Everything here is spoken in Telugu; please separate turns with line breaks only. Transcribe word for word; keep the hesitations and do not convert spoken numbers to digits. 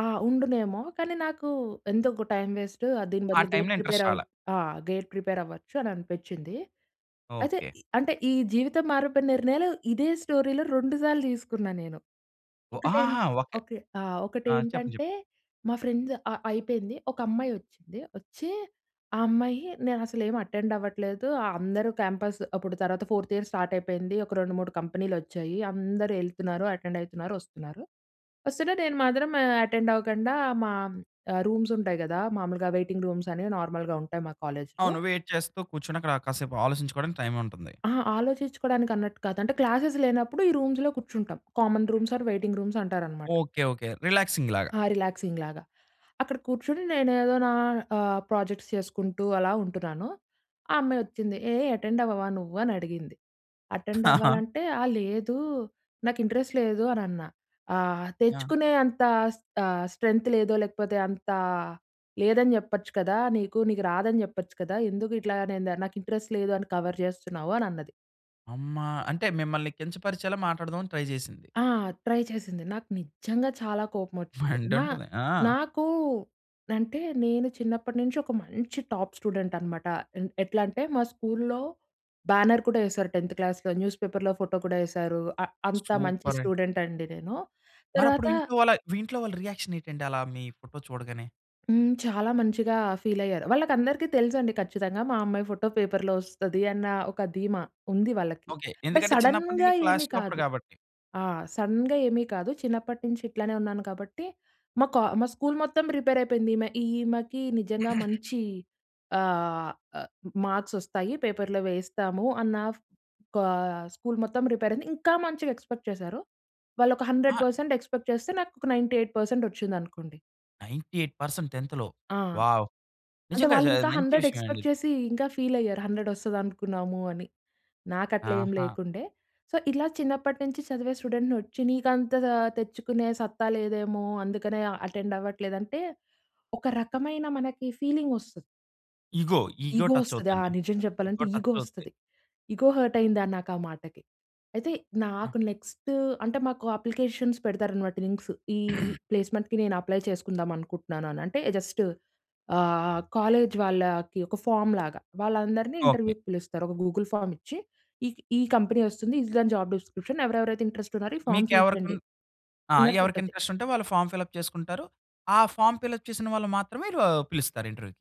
ఆ! ఉండునేమో. కానీ, నాకు ఎందుకు టైం వేస్టు. దీని
ఆ
బదులు గేట్
టైంలో
ప్రిపేర్
ఇంట్రెస్ట్
అవు
రాలా.
ఆహ్. గేట్ ప్రిపేర్ అవ్వచ్చు అని అనిపించింది. అయితే
ఓకే.
ఈ అంటే ఈ జీవితం మారిపోయిన నిర్ణయాలు ఇదే స్టోరీలో రెండు సార్లు తీసుకున్నా నేను.
ఓహ్!
ఒకటేం
ఆహాహా! ఓకే.
ఓకే. ఆహ్, ఒకటి
ఆ! చెప్పండి. చెప్పు
ఏంటంటే మా ఫ్రెండ్స్ అ అయిపోయింది. ఒక అమ్మాయి వచ్చింది వచ్చి, ఆ అమ్మాయి నేను అసలు ఏమి అటెండ్ అవ్వట్లేదు. అందరూ క్యాంపస్ అప్పుడు తర్వాత ఫోర్త్ ఇయర్ స్టార్ట్ అయిపోయింది. ఒక రెండు, మూడు కంపెనీలు వచ్చాయి, అందరూ ఎళ్తున్నారు, అటెండ్ అయితున్నారు, వస్తున్నారు. వస్తుం‌టే నేను మాత్రం అటెండ్ అవ్వకుండా మా రూమ్స్ ఉంటాయి కదా! మాములుగా వెయిటింగ్ రూమ్స్ అనేవి నార్మల్‌గా ఉంటాయి. మా కాలేజ్‌లో.
అవును. వెయిట్ చేస్తూ కూర్చుని, అక్కడ కాసేపు ఆలోచించుకోవడానికి టైం ఉంటుంది.
అహా! ఆలోచించుకోవడానికి అన్నట్టు కాదు. అంటే క్లాసేస్ లేనప్పుడు, ఈ రూమ్స్‌లో కూర్చుంటాం. Common rooms or waiting rooms అంటారన్నమాట.
Okay okay. రిలాక్సింగ్ లాగా.
ఆ! రిలాక్సింగ్ లాగా. అక్కడ కూర్చొని నేను ఏదో నా ఆహ్, ప్రాజెక్ట్స్ చేసుకుంటూ అలా ఉంటున్నాను. ఆ అమ్మాయి వచ్చింది. "ఏయ్! అటెండ్ అవ్వవా నువ్వు" అని అడిగింది? అటెండ్ అవ్వాలంటే ఆ! లేదు, నాకు ఇంట్రెస్ట్ లేదు అని అన్నా. "ఆహ్,
యహ్!
తెచ్చుకునే అంత స్ ఆహ్, స్ట్రెంత్ లేదో లేకపోతే అంత లేదని చెప్పొచ్చు కదా! నీకు. నీకు రాదని చెప్పొచ్చు కదా? ఎందుకు ఇట్లా నేను దా నాకు ఇంట్రెస్ట్ లేదు అని కవర్ చేస్తున్నావు" అని అన్నది.
అమ్మా! అంటే, మిమ్మల్ని కించపరిచేలా మాట్లాడదాం అని ట్రై చేసింది.
ఆహ్, ట్రై చేసింది. నాకు నిజంగా చాలా కోపం వచ్చింది. నా
మండుంటది. ఆ!
నాకు అంటే నేను చిన్నప్పటి నుంచి ఒక మంచి టాప్ స్టూడెంట్ అనమాట. ఎన్ ఎట్లా అంటే మా స్కూల్‌లో బ్యానర్ కూడా వేసారు టెంత్ క్లాస్‌లో, న్యూస్ పేపర్‌లో ఫోటో కూడా వేశారు. ఆ! అంత మంచి
సూపరే!
స్టూడెంట్ అండి నేను.
మరి
తర్వాత
అప్పుడు ఇంట్లో వాళ్ళ మీ ఇంట్లో వాళ్ళ రియాక్షన్ ఏటండి అలా మీ ఫోటో చూడగానే?
హ్మ్. చాలా మంచిగా ఫీల్ అయ్యారు. వాళ్ళకి అందరికి తెలుసండి ఖచ్చితంగా మా అమ్మాయి ఫోటో పేపర్‌లో వస్తది అన్న ఒక ధీమా ఉంది వాళ్ళకి.
ఓకే.
బా
ఎందుకంటే, చిన్నప్పటి
సడెన్‌గా
నుండి
ఏమి
క్లాస్ టాపర్
కాదు.
కాబట్టి.
ఆ! సడెన్‌గా ఏమి కాదు. చిన్నప్పటి నుంచి ఇట్లానే ఉన్నాను కాబట్టి మా కా మా స్కూల్ మొత్తం ప్రిపేర్ అయిపోయింది. ఈమె ఈమెకి నిజంగా మంచి ఆహ్, ఆ! మార్క్స్ వస్తాయి. పేపర్‌లో వేయిస్తాము అన్న కా స్కూల్ మొత్తం ప్రిపేర్ అయింది. ఇంకా మంచిగా ఎక్స్‌పెక్ట్ చేసారు. వాళ్ళోక హండ్రెడ్
ఆ!
పర్సెంట్ ఎక్స్‌పెక్ట్ చేస్తే నాకోక నైంటీ ఎయిట్ పర్సెంట్ వచ్చింది అనుకోండి.
నైంటీ ఎయిట్ పర్సెంట్ టెంత్‌లో.
ఆ!
వావ్!
అంటే
నిజంగా
వాళ్ళు
జా
ఇంకా
మంచి
హండ్రెడ్
విషయం అండి
ఎక్స్‌పెక్ట్
ఇది.
చేసి ఇంకా ఫీల్ అయ్యారు హండ్రెడ్ వస్తది అనుకున్నాము అని. నాకు అట్లా ఏమి
ఆహా!
లేకుండే, సో ఇలా చిన్నప్పటి నుంచి చదివే స్టూడెంట్‌ని, వచ్చి నీకు అంత తెచ్చుకునే సత్తా లేదేమో అందుకనే ఆ! అటెండ్ అవ్వట్లేదు అంటే ఒక రకమైన మనకి ఫీలింగ్ వస్తది.
ఈగో, ఈగో
ఈగో
టచ్
వస్తది. ఆహ్,
అవుద్దండి.
నిజం
ఈగో
చెప్పాలంటే
టచ్
ఈగో
అవుద్ది.
వస్తది. ఈగో హర్ట్ అయిందా నాకా ఆ మాటకి. అయితే
ఆ!
నాకు నెక్స్ట్ అంటే మాకు అప్లికేషన్స్ పెడతారు అన్నమాట లింక్స్. ఈ ప్లేస్మెంట్‌కి నేను అప్లై చేసుకుందాం అనుకుంటున్నాను అని. అంటే జస్ట్ ఆహ్, కాలేజ్ వాళ్ళకి ఒక ఫార్మ్ లాగా వాళ్ళందరిని
ఓకే.
ఇంటర్‌వ్యూ‌కి పిలుస్తారు. ఒక గూగుల్ ఫార్మ్ ఇచ్చి ఈ ఈ కంపెనీ వస్తుంది. ఇది దాని జాబ్ డిస్క్రిప్షన్ ఎవరెవరైతే ఇంట్రెస్ట్ ఉన్నారో
ఓకే.
ఈ ఫార్మ్
మీకు
ఫిల్
ఎవరికన్
చేయండి.
ఆ!
అన్నట్టు
ఎవరికి
ఉంటది.
ఇంట్రెస్ట్ ఉంటే వాళ్ళు ఫార్మ్ ఫిల్ అప్ చేసుకుంటారు. ఆ ఫార్మ్ ఫిల్ అప్ చేసిన వాళ్ళు మాత్రమే ఆ! పిలుస్తారు ఇంటర్‌వ్యూ‌కి.